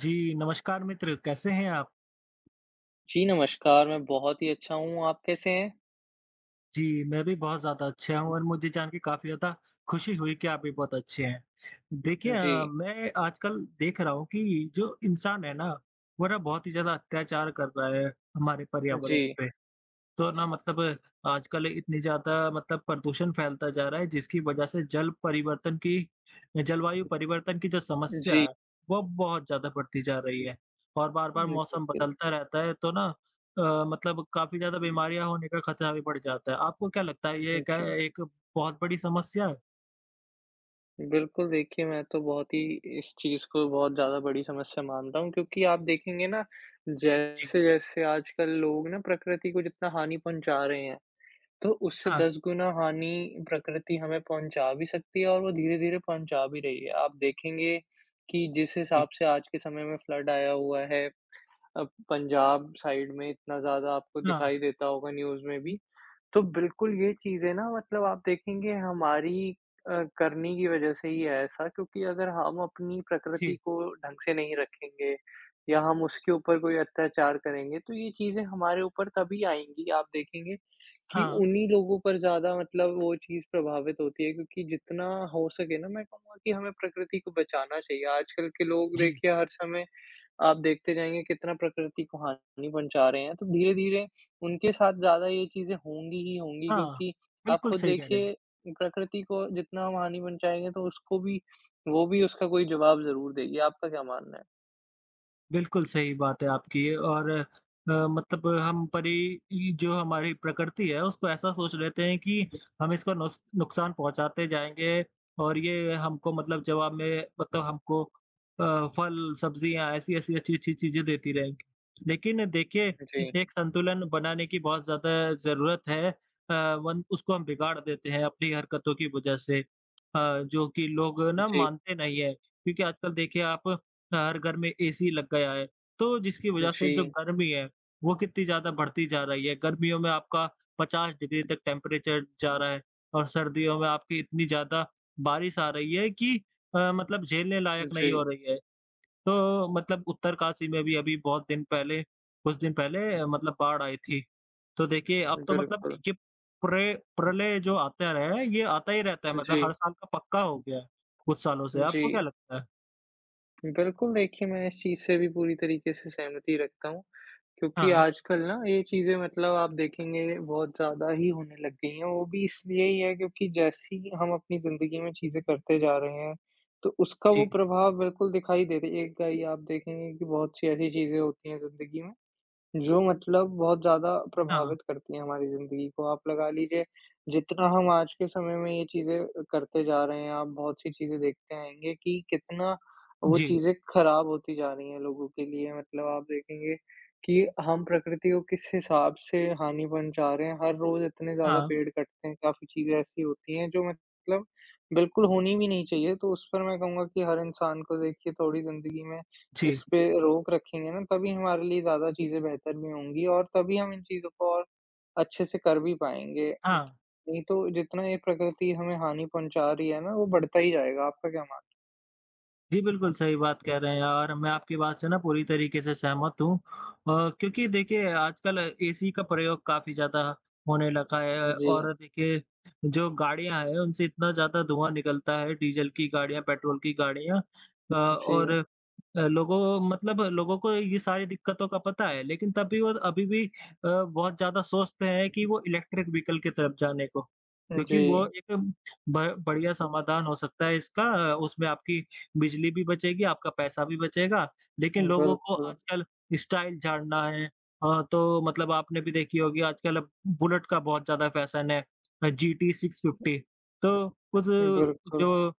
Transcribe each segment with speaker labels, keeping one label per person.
Speaker 1: जी, नमस्कार मित्र कैसे हैं आप?
Speaker 2: जी, नमस्कार! मैं बहुत ही अच्छा हूँ, आप कैसे हैं?
Speaker 1: जी, मैं भी बहुत ज़्यादा अच्छा हूँ, और मुझे जान के काफ़ी ज़्यादा खुशी हुई कि आप भी बहुत अच्छे हैं। देखिए अ,
Speaker 2: जी।
Speaker 1: मैं आजकल देख रहा हूँ कि जो इंसान है ना, वो ना बहुत ही ज़्यादा अत्याचार कर रहा है हमारे पर्यावरण
Speaker 2: जी।
Speaker 1: पे, तो ना मतलब आजकल इतनी ज़्यादा मतलब प्रदूषण फैलता जा रहा है, जिसकी वजह से जल परिवर्तन की अ, जलवायु परिवर्तन की जो समस्या
Speaker 2: जी।
Speaker 1: है, वो अब बहुत ज़्यादा बढ़ती जा रही है और
Speaker 2: हुँ,
Speaker 1: बार-बार मौसम
Speaker 2: बिल्कुल।
Speaker 1: बदलता रहता है, तो ना अ, मतलब काफ़ी ज़्यादा बीमारियाँ होने का ख़तरा भी बढ़ जाता है, आपको क्या लगता है, ये
Speaker 2: हुँ,
Speaker 1: क्या
Speaker 2: जी।
Speaker 1: एक बहुत बड़ी समस्या है?
Speaker 2: बिल्कुल, देखिए, मैं तो बहुत ही इस चीज़ को बहुत ज़्यादा बड़ी समस्या मानता हूँ क्योंकि आप देखेंगे ना,
Speaker 1: जी।
Speaker 2: जैसे-जैसे आजकल लोग ना प्रकृति को जितना हानि पहुँचा रहे हैं, तो उससे
Speaker 1: हाँ।
Speaker 2: 10 गुना हानि प्रकृति हमें पहुँचा भी सकती है और वो धीरे-धीरे पहुँचा भी रही है। आप देखेंगे कि जिस
Speaker 1: इ
Speaker 2: हिसाब से आज के समय में फ्लड आया हुआ है अ, पंजाब साइड में इतना ज़्यादा आपको
Speaker 1: हाँ।
Speaker 2: दिखाई देता होगा न्यूज़ में भी, तो बिल्कुल, ये चीज़ें ना मतलब आप देखेंगे हमारी अ, करनी की वजह से ही है ऐसा, क्योंकि अगर हम अपनी प्रकृति
Speaker 1: जी।
Speaker 2: को ढंग से नहीं रखेंगे या हम उसके ऊपर कोई अत्याचार करेंगे, तो ये चीज़ें हमारे ऊपर तभी आएँगी। आप देखेंगे कि
Speaker 1: हाँ।
Speaker 2: उन्हीं लोगों पर ज़्यादा मतलब वो चीज़ प्रभावित होती है क्योंकि जितना हो सके ना, मैं कहूँगा कि हमें प्रकृति को बचाना चाहिए। आजकल के लोग
Speaker 1: जी।
Speaker 2: देखिए हर समय आप देखते जाएँगे कितना प्रकृति को हानि पहुँचा रहे हैं, तो धीरे-धीरे उनके साथ ज़्यादा ये चीज़ें होंगी ही होंगी
Speaker 1: हाँ,
Speaker 2: क्योंकि आप
Speaker 1: बिल्कुल
Speaker 2: खुद
Speaker 1: सही कह रहे हैं आप।
Speaker 2: देखिए, प्रकृति को जितना हम हानि पहुँचाएँगे, तो उसको भी वो भी उसका कोई जवाब ज़रूर देगी। आपका क्या मानना है?
Speaker 1: बिल्कुल सही बात है आपकी ये और अ, मतलब हम परी इ जो हमारी प्रकृति है, उसको ऐसा सोच लेते हैं कि हम इसको नुस नुकसान पहुँचाते जाएँगे और ये हमको मतलब जब हमें मतलब हमको अ, फल, सब्ज़ियाँ, ऐसी-ऐसी अच्छी-अच्छी चीज़ें देती रहें। लेकिन देखिए,
Speaker 2: जी।
Speaker 1: एक संतुलन बनाने की बहुत ज़्यादा ज़रूरत है अ, वन उसको हम बिगाड़ देते हैं अपनी हरकतों की वजह से अ, जो कि लोग
Speaker 2: अ,
Speaker 1: ना
Speaker 2: जी।
Speaker 1: मानते नहीं हैं, क्योंकि आजकल देखिए आप अ, हर घर में एसी लग गया है, तो जिसकी वजह से जो
Speaker 2: जी।
Speaker 1: गर्मी है, वो कितनी ज़्यादा बढ़ती जा रही है। गर्मियों में आपका 50 डिग्री तक टेंपरेचर जा रहा है, और सर्दियों में आपकी इतनी ज़्यादा बारिश आ रही है कि अ, मतलब झेलने
Speaker 2: अ,
Speaker 1: लायक नहीं हो
Speaker 2: जी।
Speaker 1: रही है। तो मतलब उत्तरकाशी में भी अभी बहुत दिन पहले कुछ दिन पहले अ, मतलब बाढ़ आई थी, तो देखिए, अब तो मतलब
Speaker 2: बिल्कुल।
Speaker 1: ये प्रे प्रलय जो आता रहे, ये आता ही रहता है, मतलब
Speaker 2: जी।
Speaker 1: हर साल का पक्का हो गया है, कुछ सालों से। आपको क्या
Speaker 2: जी।
Speaker 1: लगता है?
Speaker 2: बिल्कुल, देखिए मैं इस चीज़ से भी पूरी तरीके से सहमति रखता हूँ क्योंकि
Speaker 1: हाँ।
Speaker 2: आजकल ना, ये चीज़ें मतलब आप देखेंगे बहुत ज़्यादा ही होने लग गई हैं, वो भी इसलिए ही है क्योंकि जैसी हम अपनी ज़िंदगी में चीज़ें करते जा रहे हैं, तो उसका वो
Speaker 1: जी।
Speaker 2: प्रभाव बिल्कुल दिखाई दे देगा ही, आप देखेंगे कि बहुत-सी ऐसी चीज़ें होती हैं ज़िंदगी में, जो मतलब बहुत ज़्यादा
Speaker 1: हाँ।
Speaker 2: प्रभावित करती है हमारी ज़िंदगी को। आप लगा लीजिए, जितना हम आज के समय में ये चीज़ें अ, करते जा रहे हैं, आप बहुत-सी चीज़ें देखते आएँगे कि कितना वो
Speaker 1: जी।
Speaker 2: चीज़ें खराब होती जा रही हैं लोगों के लिए, मतलब आप देखेंगे कि हम प्रकृति को किस हिसाब से हानि पहुँचा रहे हैं, हर रोज़ इतने ज़्यादा
Speaker 1: हाँ।
Speaker 2: पेड़ कटते हैं, काफ़ी चीज़ें ऐसी होती हैं जो मतलब बिल्कुल होनी भी नहीं चाहिए। तो उस पर मैं कहूँगा कि हर इंसान को देखिए थोड़ी ज़िंदगी में
Speaker 1: जी।
Speaker 2: इसपे रोक रखेंगे ना, तभी हमारे लिए ज़्यादा चीज़ें बेहतर भी होंगी, और तभी हम इन चीज़ों को और अच्छे से कर भी पाएँगे।
Speaker 1: हाँ।
Speaker 2: नहीं तो, जितना ये प्रकृति हमें हानि पहुँचा रही है ना, वो बढ़ता ही जाएगा। आपका क्या मानना?
Speaker 1: जी, बिल्कुल सही बात कह रहे हैं और मैं आपकी बात से ना पूरी तरीके से सहमत हूँ अ, क्योंकि देखिए आजकल एसी का प्रयोग काफ़ी ज़्यादा होने लगा है
Speaker 2: जी।
Speaker 1: और देखिए जो गाड़ियाँ हैं, उनसे इतना ज़्यादा धुआँ निकलता है, डीज़ल की गाड़ियाँ, पेट्रोल की गाड़ियाँ अ, और
Speaker 2: जी।
Speaker 1: अ, लोगों मतलब लोगों को ये सारी दिक्कतों का पता है, लेकिन तब भी वो अभी भी अ, बहुत ज़्यादा सोचते हैं कि वो इलेक्ट्रिक वहिकल की तरफ जाने को क्योंकि वो
Speaker 2: जी।
Speaker 1: एक ब बढ़िया समाधान हो सकता है इसका। उसमें आपकी बिजली भी बचेगी, आपका पैसा भी बचेगा, लेकिन लोगों
Speaker 2: बिल्कुल।
Speaker 1: को आजकल स्टाइल झाड़ना है। अ, तो मतलब आपने भी देखी होगी आजकल बुलेट का बहुत ज़्यादा फ़ैशन है अ, जीटी 650। तो कुछ
Speaker 2: बिल्कुल।
Speaker 1: जो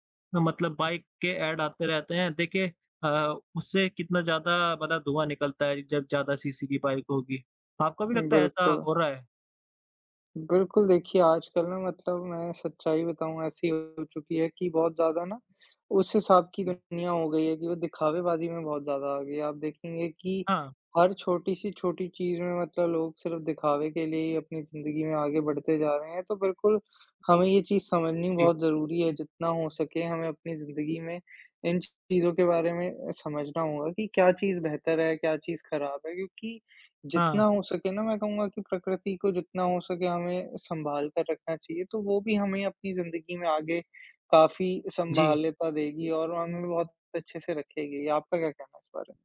Speaker 1: मतलब बाइक के ऐड आते रहते हैं देखिए अ, उससे कितना ज़्यादा मतलब धुआँ निकलता है जब ज़्यादा सीसी की बाइक होगी, आपको भी
Speaker 2: उम,
Speaker 1: लगता है ऐसा
Speaker 2: बिल्कुल।
Speaker 1: हो रहा है?
Speaker 2: बिल्कुल, देखिए आजकल ना मतलब मैं सच्चाई बताऊँ ऐसी हो चुकी है कि बहुत ज़्यादा ना, उस हिसाब की
Speaker 1: हुँ।
Speaker 2: दुनिया हो गई है कि वो दिखावेबाज़ी में बहुत ज़्यादा आ गई है, आप देखेंगे कि
Speaker 1: हाँ।
Speaker 2: हर छोटी-सी छोटी चीज़ में मतलब लोग सिर्फ दिखावे के लिए ही अपनी ज़िंदगी में आगे बढ़ते जा रहे हैं। तो बिल्कुल हमें ये चीज़ समझनी
Speaker 1: जी।
Speaker 2: बहुत ज़रूरी है, जितना हो सके हमें अपनी ज़िंदगी में इन चीज़ों के बारे में अ, समझना होगा कि क्या चीज़ बेहतर है, क्या चीज़ ख़राब है, क्योंकि
Speaker 1: हाँ।
Speaker 2: जितना हो सके ना मैं कहूँगा कि प्रकृति को जितना हो सके हमें सँभालकर रखना चाहिए तो वो भी हमें अपनी ज़िंदगी में आगे काफ़ी
Speaker 1: जी।
Speaker 2: सँभालता देगी और हमें बहुत अच्छे से रखेगी। आपका क्या कहना है इस बारे में?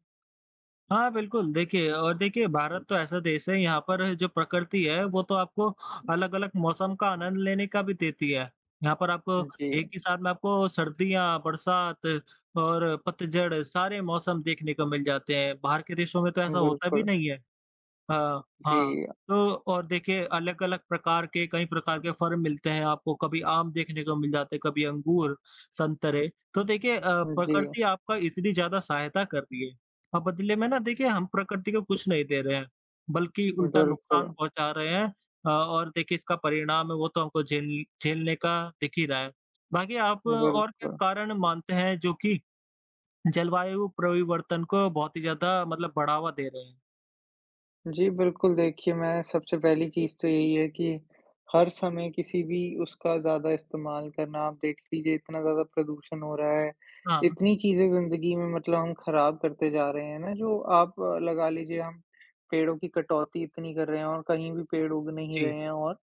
Speaker 1: हाँ, बिल्कुल। देखिए और देखिए भारत तो ऐसा देश है, यहाँ पर जो प्रकृति है वो तो आपको अलग-अलग मौसम का आनंद लेने का भी देती है। यहाँ पर आप
Speaker 2: उम,
Speaker 1: एक
Speaker 2: जी।
Speaker 1: ही साथ में आपको सर्दियाँ, बरसात और पतझड़ सारे मौसम देखने को मिल जाते हैं। बाहर के देशों में तो ऐसा
Speaker 2: उम,
Speaker 1: होता भी
Speaker 2: बिल्कुल।
Speaker 1: नहीं है अ, हाँ
Speaker 2: जी, अ
Speaker 1: तो और देखिए अलग-अलग प्रकार के कई प्रकार के फल मिलते हैं आपको, कभी आम देखने को मिल जाते हैं, कभी अंगूर, संतरे। तो देखिए अ,
Speaker 2: हुँ, जी।
Speaker 1: प्रकृति आपका इतनी ज़्यादा सहायता कर रही है, अब बदले में ना देखिए हम प्रकृति को कुछ नहीं दे रहे हैं, बल्कि उल्टा नुकसान
Speaker 2: बिल्कुल।
Speaker 1: पहुँचा रहे हैं अ, और देखिए इसका परिणाम है वो तो हमको झेल झेलने का दिख ही रहा है। बाकी आप और क्या
Speaker 2: बिल्कुल।
Speaker 1: कारण मानते हैं जो कि जलवायु परिवर्तन को बहुत ही ज़्यादा मतलब बढ़ावा दे रहे हैं?
Speaker 2: जी बिल्कुल, देखिए मैं सबसे पहली चीज़ तो यही है कि हर समय किसी भी उसका ज़्यादा इस्तेमाल करना आप देख लीजिए इतना ज़्यादा प्रदूषण हो रहा है,
Speaker 1: हाँ।
Speaker 2: इतनी चीज़ें ज़िंदगी में मतलब हम खराब करते जा रहे हैं ना, जो आप लगा लीजिए हम, पेड़ों की कटौती इतनी कर रहे हैं और कहीं भी पेड़ उग नहीं
Speaker 1: जी।
Speaker 2: रहे हैं और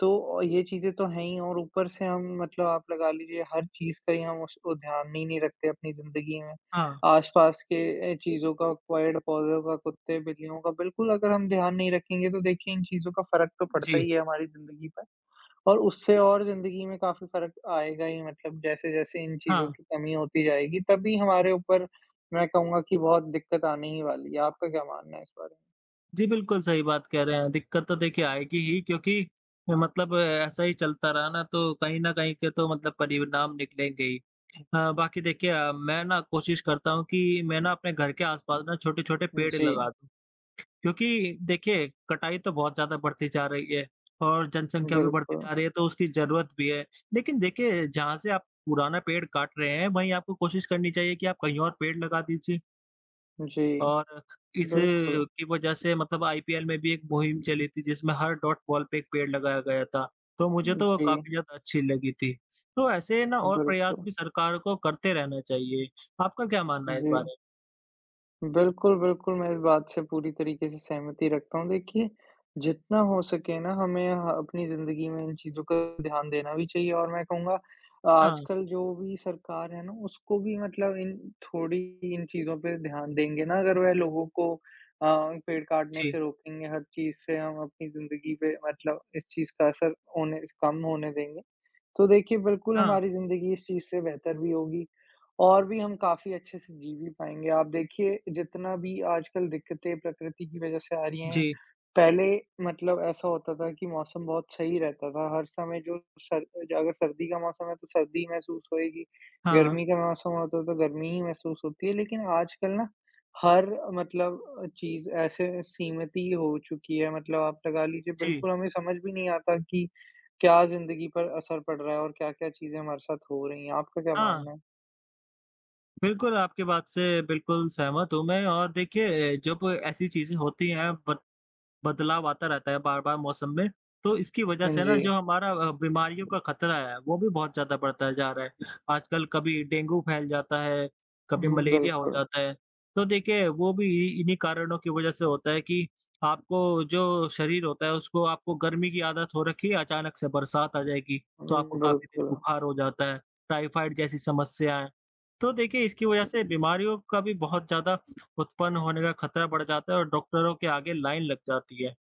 Speaker 2: तो ये चीज़ें तो हैं ही और ऊपर से हम मतलब आप लगा लीजिए हर चीज़ का ही हम उस उ ध्यान ही नहीं रखते अपनी ज़िंदगी में,
Speaker 1: हाँ।
Speaker 2: आस-पास के अ, चीज़ों का पेड़-पौधों का, कुत्ते-बिल्लियों का बिल्कुल अगर हम ध्यान नहीं रखेंगे तो देखिए इन चीज़ों का फ़र्क तो पड़ता
Speaker 1: जी।
Speaker 2: ही है हमारी ज़िंदगी पे और उससे और ज़िंदगी में काफ़ी फ़र्क आएगा ही मतलब जैसे-जैसे इन चीज़ों
Speaker 1: हाँ।
Speaker 2: की कमी होती जाएगी, तभी हमारे ऊपर मैं कहूँगा कि बहुत दिक्कत आने ही वाली है। आपका क्या मानना है इस बारे में?
Speaker 1: जी बिल्कुल, सही बात कह रहे हैं, दिक्कत तो देखिए आएगी ही क्योंकि ए, मतलब ऐसा ही चलता रहा ना तो कहीं न कहीं के तो मतलब परिणाम निकलेंगे ही। अ, बाकी देखिए अ, मैं ना कोशिश करता हूँ कि मैं ना अपने घर के आसपास ना छोटे-छोटे
Speaker 2: उम,
Speaker 1: पेड़
Speaker 2: जी।
Speaker 1: लगा दूँ। क्योंकि देखिए कटाई तो बहुत ज़्यादा बढ़ती जा रही है और जनसंख्या भी बढ़ती
Speaker 2: बिल्कुल।
Speaker 1: जा रही है, तो उसकी ज़रूरत भी है, लेकिन देखिए जहाँ से आप पुराना पेड़ काट रहे हैं, वहीं आपको कोशिश करनी चाहिए कि आप कहीं और पेड़ लगा दीजिए।
Speaker 2: जी।
Speaker 1: और इस
Speaker 2: बिल्कुल।
Speaker 1: की वज़ह से मतलब आईपीएल में भी एक मुहिम चली थी, जिसमें हर डॉट बॉल पे 1 पेड़ लगाया गया था, तो मुझे
Speaker 2: हुँ,
Speaker 1: तो वो
Speaker 2: जी।
Speaker 1: काफ़ी ज़्यादा अच्छी लगी थी। तो ऐसे है ना, और प्रयास
Speaker 2: बिल्कुल।
Speaker 1: भी सरकार को करते रहना चाहिए। आपका क्या मानना है इस
Speaker 2: जी।
Speaker 1: बारे?
Speaker 2: बिल्कुल, बिल्कुल, मैं इस बात से पूरी तरीक़े से सहमति रखता हूँ देखिए, जितना हो सके ना, हमें ह अपनी ज़िंदगी में इन चीज़ों का ध्यान देना भी चाहिए। और मैं कहूँगा,
Speaker 1: हाँ।
Speaker 2: आजकल जो भी सरकार है ना, उसको भी मतलब इन थोड़ी इन चीज़ों पे ध्यान देंगे ना, अगर वह लोगों को अ, पेड़ काटने
Speaker 1: जी।
Speaker 2: से रोकेंगे, हर चीज़ से हम अपनी ज़िंदगी पे मतलब इस चीज़ का असर होने स कम होने देंगे, तो देखिए बिल्कुल
Speaker 1: हाँ।
Speaker 2: हमारी ज़िंदगी इस चीज़ से बेहतर भी होगी, और भी हम काफ़ी अच्छे से जी भी पाएँगे। आप देखिए, जितना भी आजकल दिक्कतें प्रकृति की वज़ह से आ रही हैं,
Speaker 1: जी।
Speaker 2: पहले मतलब ऐसा होता था कि मौसम बहुत सही रहता था। हर समय जो सर अ, अगर सर्दी का मौसम है, तो सर्दी ही महसूस होएगी,
Speaker 1: हाँ।
Speaker 2: गर्मी का मौसम होता है तो, तो गर्मी ही महसूस होती है। लेकिन आजकल ना, हर मतलब अ, चीज़ ऐसे सीमित ही हो चुकी है, मतलब आप लगा लीजिए,
Speaker 1: जी।
Speaker 2: बिल्कुल हमें समझ भी नहीं आता कि क्या ज़िंदगी पर असर पड़ रहा है और क्या-क्या चीज़ें हमारे साथ हो रही हैं। आपका क्या
Speaker 1: हाँ।
Speaker 2: मानना है?
Speaker 1: बिल्कुल, आपकी बात से बिल्कुल सहमत हूँ मैं और देखिए जब ऐसी चीज़ें होती हैं बद बदलाव आता रहता है बार-बार मौसम में, तो इसकी वज़ह
Speaker 2: हाँ,
Speaker 1: से ना जो
Speaker 2: जी।
Speaker 1: हमारा अ, बीमारियों का खतरा है, वो भी बहुत ज़्यादा बढ़ता जा रहा है, आजकल कभी डेंगू फैल जाता है, कभी
Speaker 2: हुँ,
Speaker 1: मलेरिया हो
Speaker 2: बिल्कुल।
Speaker 1: जाता है। तो देखिए वो भी इ इन्हीं कारणों की वजह से होता है कि आपको जो शरीर होता है उसको आपको गर्मी की आदत हो रखी है अचानक से बरसात आ जाएगी,
Speaker 2: हुँ,
Speaker 1: तो आपको तेज दिन
Speaker 2: बिल्कुल।
Speaker 1: बुखार हो जाता है, टाइफाइड जैसी समस्याएँ। तो देखिए इसकी वजह से बीमारियों का भी बहुत ज़्यादा उत्पन्न होने का खतरा बढ़ जाता है और डॉक्टरों के आगे लाइन लग जाती है। अ,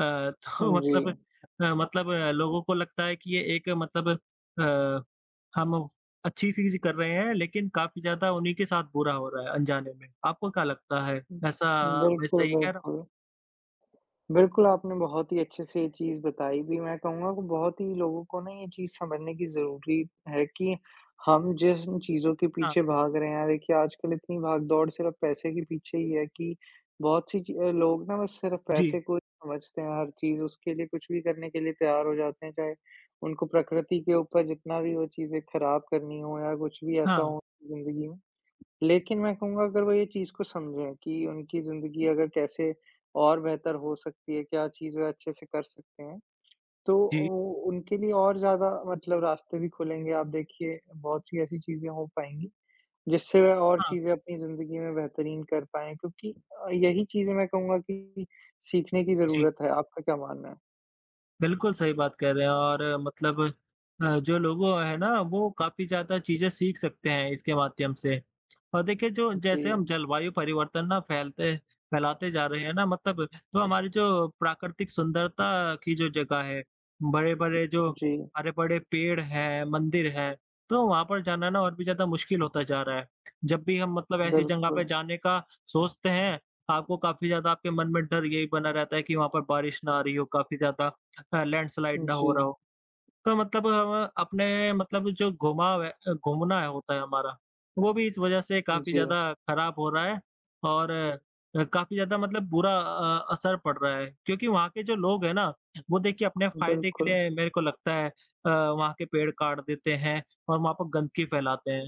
Speaker 1: तो
Speaker 2: हुँ,
Speaker 1: मतलब
Speaker 2: जी।
Speaker 1: अ, मतलब लोगों को लगता है कि ये एक मतलब अ, हम अच्छी चीज़ कर रहे हैं लेकिन काफ़ी ज़्यादा उन्हीं के साथ बुरा हो रहा है अनजाने में। आपको क्या लगता है
Speaker 2: हुँ,
Speaker 1: ऐसा मैं
Speaker 2: बिल्कुल,
Speaker 1: सही कह रहा हूँ?
Speaker 2: बिल्कुल। बिल्कुल आपने बहुत ही अच्छे से ये चीज़ बताई भी मैं कहूँगा वो बहुत ही लोगों को ना ये चीज़ समझने की जरूरी है कि, हम जिस न चीज़ों के
Speaker 1: हाँ।
Speaker 2: पीछे भाग रहे हैं देखिए आजकल इतनी भाग-दौड़ सिर्फ़ पैसे के पीछे ही है कि बहुत-सी ची अ, लोग ना बस सिर्फ़
Speaker 1: जी।
Speaker 2: पैसे को ही समझते हैं हर चीज़ उसके लिए कुछ भी करने के लिए तैयार हो जाते हैं चाहे उनको प्रकृति के ऊपर जितना भी वो चीज़ें खराब करनी हो या कुछ भी ऐसा
Speaker 1: हाँ।
Speaker 2: हो ज़िंदगी में। लेकिन मैं कहूँगा अगर वो ये चीज़ को समझें, कि उनकी ज़िंदगी अगर कैसे और बेहतर हो सकती है, क्या चीज़ वे अच्छे से कर सकते हैं? तो
Speaker 1: जी।
Speaker 2: ओ उनके लिए और ज़्यादा मतलब रास्ते भी खुलेंगे, आप देखिए बहुत-सी ऐसी चीज़ें हो पाएँगी, जिससे वो और
Speaker 1: हाँ।
Speaker 2: चीज़ें अपनी ज़िंदगी में बेहतरीन कर पाएँ क्योंकि अ, यही चीज़ें मैं कहूँगा कि सीखने की
Speaker 1: जी।
Speaker 2: ज़रूरत है, आपका क्या मानना है?
Speaker 1: बिल्कुल सही बात कह रहे हैं, और मतलब अ, जो लोगों है ना, वो काफ़ी ज़्यादा चीज़ें सीख सकते हैं इसके माध्यम से और देखिए, जो
Speaker 2: अ,
Speaker 1: जैसे हम
Speaker 2: जी।
Speaker 1: जलवायु परिवर्तन ना फैलते फैलाते जा रहे हैं ना मतलब तो हमारी जो प्राकृतिक सुंदरता की जो जगह है, बड़े-बड़े जो,
Speaker 2: जी।
Speaker 1: हरे-भरे पेड़ हैं, मंदिर हैं, तो वहाँ पर जाना ना और भी ज़्यादा मुश्किल होता जा रहा है। जब भी हम मतलब ऐसी जगह पे
Speaker 2: बिल्कुल।
Speaker 1: जाने का सोचते हैं, आपको काफ़ी ज़्यादा आपके मन में डर यही बना रहता है कि वहाँ पर बारिश ना आ रही हो, काफ़ी ज़्यादा अ, लैंडस्लाइड ना हो रहा
Speaker 2: जी।
Speaker 1: हो। तो मतलब हम अपने मतलब जो घुमाव है अ, घूमना है होता है हमारा, वो भी इस वजह से काफ़ी
Speaker 2: जी।
Speaker 1: ज़्यादा खराब हो रहा है और अ अ, काफ़ी ज़्यादा मतलब बुरा अ, असर पड़ रहा है क्योंकि वहाँ के जो लोग हैं ना, वो देखिए अपने फ़ायदे के
Speaker 2: बिल्कुल।
Speaker 1: लिए मेरे को लगता है अ, वहाँ के पेड़ काट देते हैं और वहाँ पर गंदगी फैलाते हैं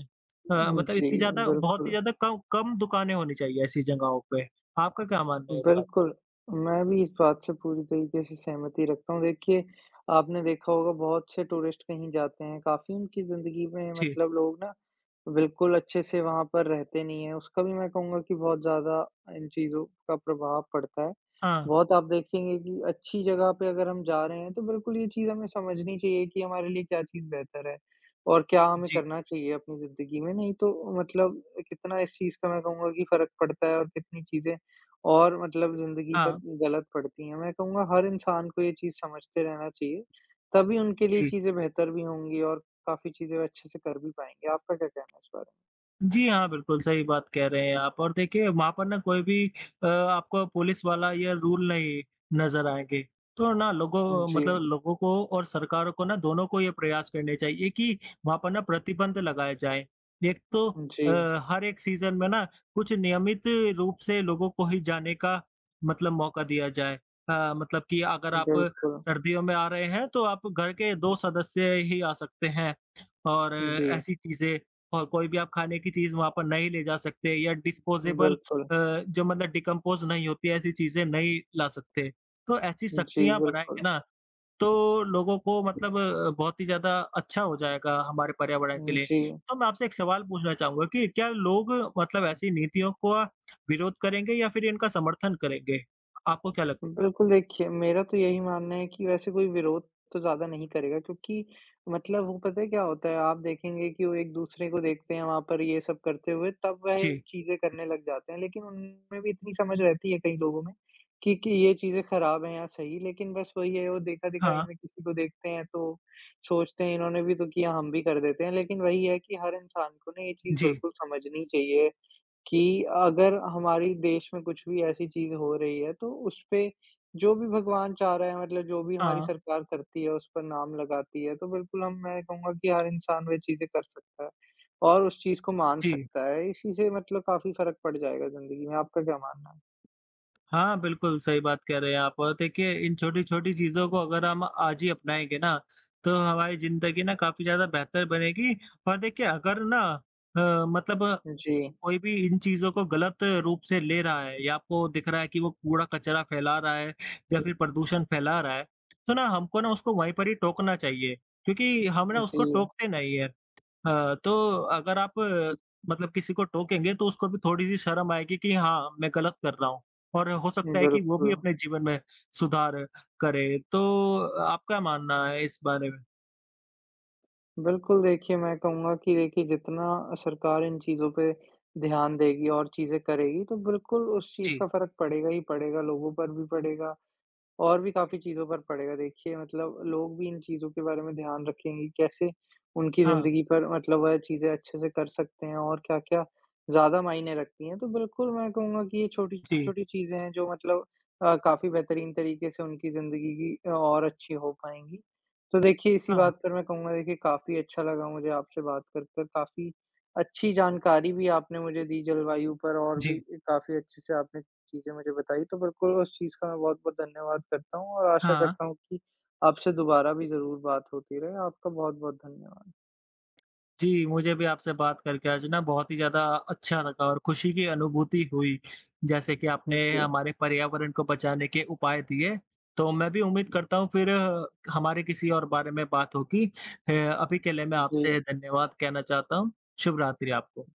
Speaker 1: अ,
Speaker 2: उम,
Speaker 1: मतलब
Speaker 2: जी,
Speaker 1: इत्ती ज़्यादा बहुत ही
Speaker 2: बिल्कुल।
Speaker 1: ज़्यादा कम, कम दुकानें होनी चाहिए ऐसी जगहों पे। आपका क्या मानना है इस बार?
Speaker 2: बिल्कुल, मैं भी इस बात से पूरी तरीके से सहमति रखता हूँ देखिए, आपने देखा होगा बहुत से टूरिस्ट कहीं जाते हैं, काफ़ी उनकी ज़िंदगी में
Speaker 1: जी।
Speaker 2: मतलब लोग ना, बिल्कुल अच्छे से वहाँ पर रहते नहीं हैं, उसका भी मैं कहूँगा कि बहुत ज़्यादा इन चीज़ों का प्रभाव पड़ता है।
Speaker 1: हाँ।
Speaker 2: बहुत आप देखेंगे कि अच्छी जगह पे अगर हम जा रहे हैं, तो बिल्कुल ये चीज़ हमें समझनी चाहिए कि हमारे लिए क्या चीज़ बेहतर है और क्या हमें
Speaker 1: जी।
Speaker 2: करना चाहिए अपनी ज़िंदगी में, नहीं तो, मतलब कितना इस चीज़ का मैं कहूँगा कि फ़र्क पड़ता है, और कितनी चीज़ें और मतलब ज़िंदगी
Speaker 1: हाँ।
Speaker 2: पर गलत पड़ती हैं। मैं कहूँगा हर इंसान को ये चीज़ समझते रहना चाहिए, तभी उनके लिए
Speaker 1: जी।
Speaker 2: चीज़ें बेहतर भी होंगी, और काफ़ी चीज़ें वो अच्छे से कर भी पाएँगे। आपका क्या कहना है इस बारे?
Speaker 1: जी हाँ, बिल्कुल सही बात कह रहे हैं आप, और देखिए वहाँ पर ना कोई भी अ, आपको पुलिस वाला या रूल नहीं नज़र आएँगे। तो ना लोगों मतलब
Speaker 2: जी।
Speaker 1: लोगों को और सरकारों को ना, दोनों को ये प्रयास करने चाहिए कि वहाँ पर ना प्रतिबंध लगाए जाएँ। एक तो अ,
Speaker 2: जी।
Speaker 1: हर एक सीज़न में ना कुछ नियमित रूप से लोगों को ही जाने का मतलब मौका दिया जाए। अ, मतलब कि अगर आप
Speaker 2: बिल्कुल।
Speaker 1: सर्दियों में आ रहे हैं, तो आप घर के 2 सदस्य ही आ सकते हैं, और
Speaker 2: जी।
Speaker 1: ऐसी चीज़ें, और कोई भी आप खाने की चीज़ वहाँ पर नहीं ले जा सकते, या डिस्पोज़ेबल अ,
Speaker 2: बिल्कुल।
Speaker 1: जो मतलब डिकम्पोज़ नहीं होती हैं, ऐसी चीज़ें नहीं ला सकते। तो ऐसी
Speaker 2: जी,
Speaker 1: सख्तियाँ बनाएँगे
Speaker 2: बिल्कुल।
Speaker 1: ना, तो लोगों को मतलब अ, बहुत ही ज़्यादा अच्छा हो जाएगा हमारे पर्यावरण के
Speaker 2: उम,
Speaker 1: लिए,
Speaker 2: जी।
Speaker 1: तो मैं आपसे एक सवाल पूछना चाहूँगा कि क्या लोग मतलब ऐसी नीतियों का विरोध करेंगे या फिर इनका समर्थन करेंगे? आपको क्या लग
Speaker 2: बिल्कुल, देखिए मेरा तो यही मानना है कि वैसे कोई विरोध तो ज़्यादा नहीं करेगा क्योंकि मतलब वो पता है क्या होता है, आप देखेंगे कि वो एक-दूसरे को देखते हैं वहाँ पर ये सब करते हुए, तब वह
Speaker 1: जी।
Speaker 2: चीज़ें करने लग जाते हैं, लेकिन उनमें भी इतनी समझ रहती है, कई लोगों में, कि कि ये चीज़ें खराब हैं या सही, लेकिन बस वही है, वो देखा-दिखाई
Speaker 1: हाँ।
Speaker 2: में किसी को देखते हैं, तो सोचते हैं इन्होंने भी तो किया, हम भी कर देते हैं। लेकिन वही है कि हर इंसान को ना ये चीज़
Speaker 1: जी।
Speaker 2: बिल्कुल समझनी चाहिए कि अगर हमारी देश में कुछ भी ऐसी चीज़ हो रही है, तो उस पे जो भी भगवान चाह रहा है, मतलब जो भी हमारी
Speaker 1: हाँ।
Speaker 2: सरकार करती है, उस पर नाम लगाती है, तो बिल्कुल हम मैं कहूँगा कि हर इंसान वे चीज़ें कर सकता है और उस चीज़ को मान
Speaker 1: जी।
Speaker 2: सकता है, इसी से ही मतलब काफ़ी फ़र्क पड़ जाएगा ज़िंदगी में। आपका क्या मानना है?
Speaker 1: हाँ, बिल्कुल सही बात कह रहे हैं आप और देखिए, इन छोटी-छोटी चीज़ों को अगर हम आज ही अपनाएँगे ना, तो हमारी ज़िंदगी ना काफ़ी ज़्यादा बेहतर बनेगी। और देखिए, अगर ना अ, मतलब
Speaker 2: जी।
Speaker 1: कोई भी इन चीज़ों को गलत रूप से ले रहा है या आपको दिख रहा है कि वो कूड़ा-कचरा फैला रहा है या फिर प्रदूषण फैला रहा है, तो ना हमको ना उसको वहीं पर ही टोकना चाहिए क्योंकि हम ना उसको
Speaker 2: जी।
Speaker 1: टोकते नहीं है। अ, तो अगर आप मतलब किसी को टोकेंगे, तो उसको भी थोड़ी-सी शर्म आएगी कि हाँ, मैं गलत कर रहा हूँ, और हो सकता है कि वो भी
Speaker 2: बिल्कुल।
Speaker 1: अपने जीवन में सुधार करें। तो आपका मानना है इस बारे में?
Speaker 2: बिल्कुल, देखिए मैं कहूँगा कि देखिए जितना अ, सरकार इन चीज़ों पे ध्यान देगी और चीज़ें करेगी तो बिल्कुल उस चीज़
Speaker 1: जी।
Speaker 2: का फ़र्क पड़ेगा ही पड़ेगा लोगों पर भी पड़ेगा और भी काफ़ी चीज़ों पर पड़ेगा। देखिए मतलब लोग भी इन चीज़ों के बारे में ध्यान रखेंगे कि कैसे उनकी
Speaker 1: हाँ।
Speaker 2: ज़िंदगी पर मतलब वह चीज़ें अच्छे से कर सकते हैं और क्या-क्या ज़्यादा मायने रखती हैं तो बिल्कुल मैं कहूँगा कि ये
Speaker 1: जी।
Speaker 2: छोटी-छोटी चीज़ें हैं जो मतलब अ, काफ़ी बेहतरीन तरीक़े से उनकी ज़िंदगी की अ, और अच्छी हो पाएँगी। तो देखिए इसी बात
Speaker 1: हाँ।
Speaker 2: पर मैं कहूँगा देखिए काफ़ी अच्छा लगा मुझे आपसे बात कर-कर काफ़ी अच्छी जानकारी भी आपने मुझे दी जलवायु पर और भी
Speaker 1: जी।
Speaker 2: काफ़ी अच्छे से आपने चीज़ें मुझे बताई तो बिल्कुल उस चीज़ का मैं बहुत-बहुत धन्यवाद करता हूँ और आशा
Speaker 1: हाँ।
Speaker 2: करता हूँ कि आपसे दोबारा भी ज़रूर बात होती रहे। आपका बहुत-बहुत धन्यवाद।
Speaker 1: जी, मुझे भी आपसे बात करके आज ना बहुत ही ज़्यादा अच्छा लगा और खुशी की अनुभूति हुई जैसे कि
Speaker 2: उम,
Speaker 1: आपने
Speaker 2: जी।
Speaker 1: हमारे पर्यावरण को बचाने के उपाय दिए। तो मैं भी उम्मीद करता हूँ फ़िर हमारे किसी और बारे में बात होगी। अ, अभी के लिए मैं
Speaker 2: उम, जी।
Speaker 1: आपसे धन्यवाद कहना चाहता हूँ। शुभ रात्रि आपको।